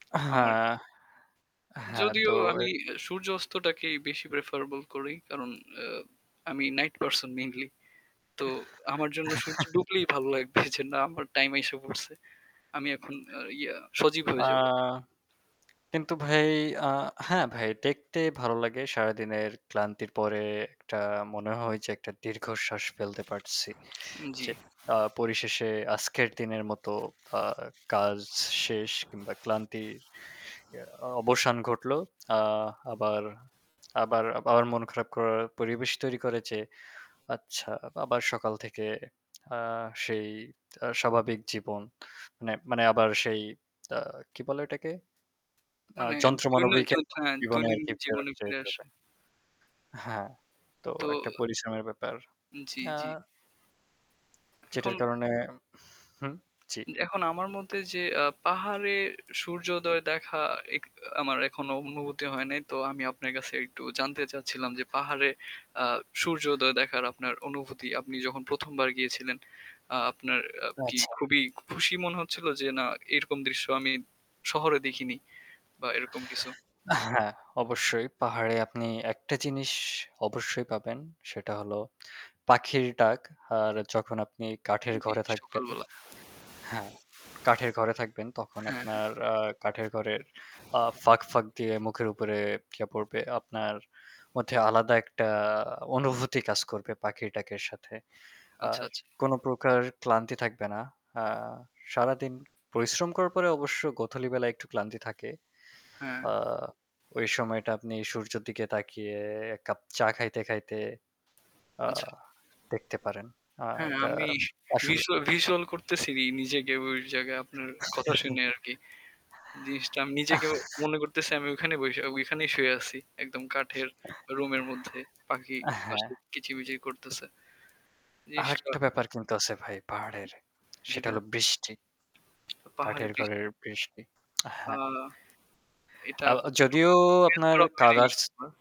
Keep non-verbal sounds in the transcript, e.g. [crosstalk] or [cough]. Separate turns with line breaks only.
আহা
আমার ক্ষেত্রে
হ্যাঁ তো
যদিও
এ
আমি সূর্য অস্তটাকেই বেশি প্রেফারেবল করি। কারণ আ আমি নাইট পারসন মেইনলি। তো আমার জন্য সূর্য ডুবলেই ভালো
[chuckles]
লাগবে যে না আমার টাইম আইসা পড়ছে। আমি এখন আ ইয়া সজীব
আ
হয়ে যাবো।
কিন্তু ভাই আ হ্যাঁ ভাই দেখতে ভালো লাগে সারাদিনের ক্লান্তির পরে একটা মনে হয় যে একটা দীর্ঘশ্বাস ফেলতে পারছি।
উম জ্বী।
যে আ পরিশেষে আজকের দিনের মতো আ কাজ শেষ কিংবা ক্লান্তির আ অবসান ঘটলো। [smacks lips] আ আবার, আবার [smacks lips] মন খারাপ করার পরিবেশ তৈরি করে যে আচ্ছা আবার সকাল থেকে আ সেই আ স্বাভাবিক জীবন মানে মানে আবার সেই আ কি বলে ওটাকে আ
মানে
যন্ত্র
দৈন
মানবিকে জীবনে
দৈনন্দিন
আরকি
হ্যাঁ
ফেরত
জীবনে ফিরে
যেতে
আসা।
হবে। আ হ্যাঁ। তো
তো
একটা পরিশ্রমের ব্যাপার।
জ্বী,
আ
জ্বী।
যেটার
এখন
কারণে হুম, জি।
এখন আমার মধ্যে যে আ পাহাড়ে সূর্যোদয় দেখা এক আমার এখনো অনুভূতি হয় নাই তো আমি আপনার কাছে একটু জানতে চাচ্ছিলাম যে পাহাড়ে আ সূর্যোদয় দেখার আপনার অনুভূতি আপনি যখন ১ম বার গিয়েছিলেন আ আপনার আ কি
আচ্ছা।
খুবই খুশি মনে হচ্ছিলো যে না এরকম দৃশ্য আমি শহরে দেখিনি বা এরকম কিছু?
আ হ্যাঁ অবশ্যই পাহাড়ে আপনি একটা জিনিস অবশ্যই পাবেন। সেটা হল পাখির ডাক। আর যখন আপনি কাঠের
জ্বী,
ঘরে থাকবেন
সকালবেলা।
হ্যাঁ কাঠের ঘরে থাকবেন তখন
হ্যাঁ,
আপনার
হ্যাঁ।
আ কাঠের ঘরের আ ফাঁক, ফাঁক দিয়ে মুখের উপরে ইয়া পড়বে। আপনার মধ্যে আলাদা একটা অনুভূতি কাজ করবে পাখির ডাকের সাথে।
আচ্ছা,
আর
আচ্ছা।
কোন প্রকার ক্লান্তি থাকবে না। আ সারাদিন পরিশ্রম করার পরে অবশ্য গোধুলী বেলায় একটু ক্লান্তি থাকে।
হ্যাঁ।
আ ওই সময়টা আপনি সূর্যর দিকে তাকিয়ে এক কাপ চা খাইতে খাইতে আ
আচ্ছা।
দেখতে পারেন। আ
হ্যাঁ
এটা
আমি
আসলে
ভিজুয়া ভিজুয়াল করতেছি নিজেকে ওই জায়গায় আপনার কথা
[chuckles]
শুনে আরকি জিনিসটা আমি নিজেকে
[chuckles]
মনে করতেছি আমি ওখানেই বইসা ঐখানেই শুয়ে আছি। একদম কাঠের
[chuckles]
রুমের মধ্যে পাখি
আ
পাশে
হ্যাঁ।
কিচিমিচি করতেছে। নিশ্চয়।
আরেকটা ব্যাপার কিন্তু আছে ভাই
জ্বী,
পাহাড়ের।
জ্বী
সেটা
ভা
হল বৃষ্টি।
পাহাড়ে
কাঠের ঘরের
বৃষ্টি।
বৃষ্টি। আ
আ
হ্যাঁ।
এটা
আ
[unintelligible]
আ
এক্সপেরিয়েন্স
যদিও আপনার
করা হয়নি।
কালার্স
আ